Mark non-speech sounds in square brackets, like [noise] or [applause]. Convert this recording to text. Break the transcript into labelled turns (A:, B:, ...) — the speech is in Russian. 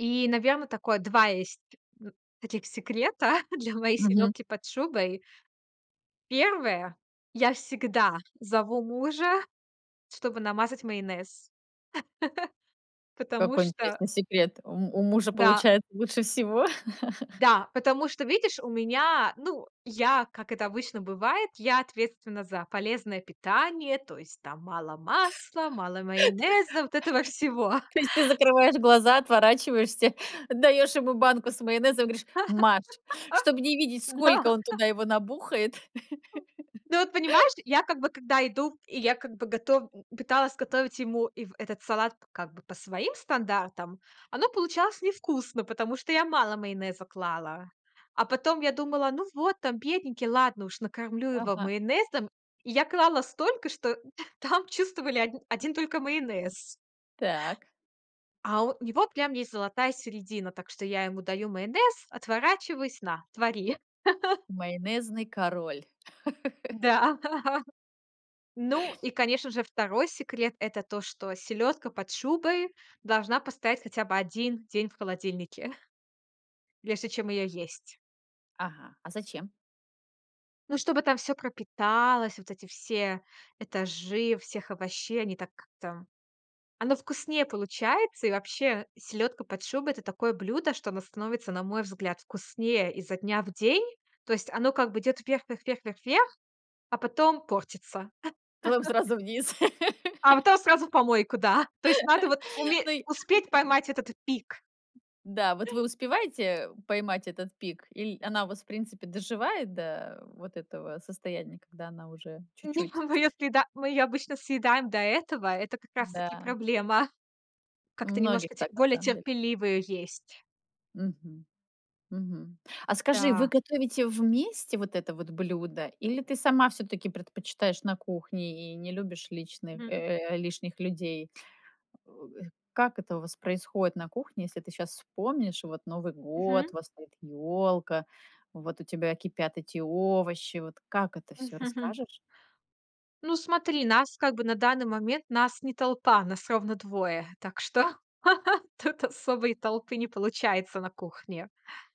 A: И, наверно, такое, 2 есть, вот, таких секрета [chuckles] для моей
B: Мгм.
A: селёдки под шубой. 1: я всегда зову мужа, чтобы намазать майонез. [laughs] Потому
B: Какой
A: что
B: интересный секрет. У м у мужа
A: Да.
B: получается лучше всего? [laughs]
A: Да, потому что, видишь, у меня Ну, я, как это обычно бывает, я ответственна за полезное питание. То есть, там, мало
B: [laughs]
A: масла, мало майонеза, вот этого всего.
B: То есть ты закрываешь глаза, отворачиваешься, даёшь ему банку с майонезом и говоришь: "Мажь", чтоб не видеть,
A: [laughs] Да.
B: сколько он туда его набухает.
A: Ну вот понимаешь,
B: [laughs]
A: я как бы, когда иду, и я как бы готов пыталась готовить ему, и в этот салат, как бы, по своим стандартам, оно получалось невкусно, потому что я мало майонеза клала. А потом я думала: "Ну вот, там, бедненький, ладно уж, накормлю его
B: Ага.
A: майонезом". И я клала столько, что [chuckles] там чувствовали од один только майонез.
B: Так.
A: А у него прям есть золотая середина. Так что я ему даю майонез, отворачиваюсь: "На, твори!" [chuckles]
B: Майонезный король. [laughs]
A: Да. Ну, и конечно же, 2 секрет- это то, что селёдка под шубой должна постоять хотя бы 1 день в холодильнике прежде чем её есть.
B: Ага. А зачем?
A: Ну, чтобы там всё пропиталось, вот эти все этажи всех овощей, они, так, как-то оно вкуснее получается. И вообще, селёдка под шубой- это такое блюдо, что оно становится, на мой взгляд, вкуснее изо дня в день. То есть оно как бы идёт вверх, вверх, вверх, вверх, вверх, а потом портится.
B: Потом
A: [chuckles]
B: сразу вниз. [laughs]
A: А потом сразу в помойку, да. То есть надо вот
B: [laughs]
A: уме
B: Ну и
A: успеть
B: м
A: поймать этот пик.
B: Да, вот вы
A: [inhales]
B: успеваете поймать этот пик, иль она у вас, в принципе, доживает до, э, вот этого состояния, когда она уже чуть-чуть?
A: [unintelligible] редки, да. Мы её обычно съедаем до этого. Это как раз таки
B: Да.
A: проблема.
B: У
A: Как-то
B: многих
A: немножко те
B: так на
A: более
B: самом деле.
A: терпеливо её есть.
B: Мгм. Мгм. А скажи, вы
A: Да.
B: готовите вместе вот это вот блюдо, или ты сама всё-таки предпочитаешь на кухне и не любишь личных
A: Мгм.
B: э, э, лишних людей? У,э, как это у вас происходит на кухне, если ты щас вспомнишь, вот Новый год,
A: Мгм.
B: у вас стоит ёлка, вот у тебя кипят эти овощи? Вот как это всё,
A: [chuckles]
B: расскажешь?
A: Ну, смотри, нас, как бы, на данный момент- нас не толпа, нас ровно 2. Так что [laughs] тут особой толпы не получается на кухне.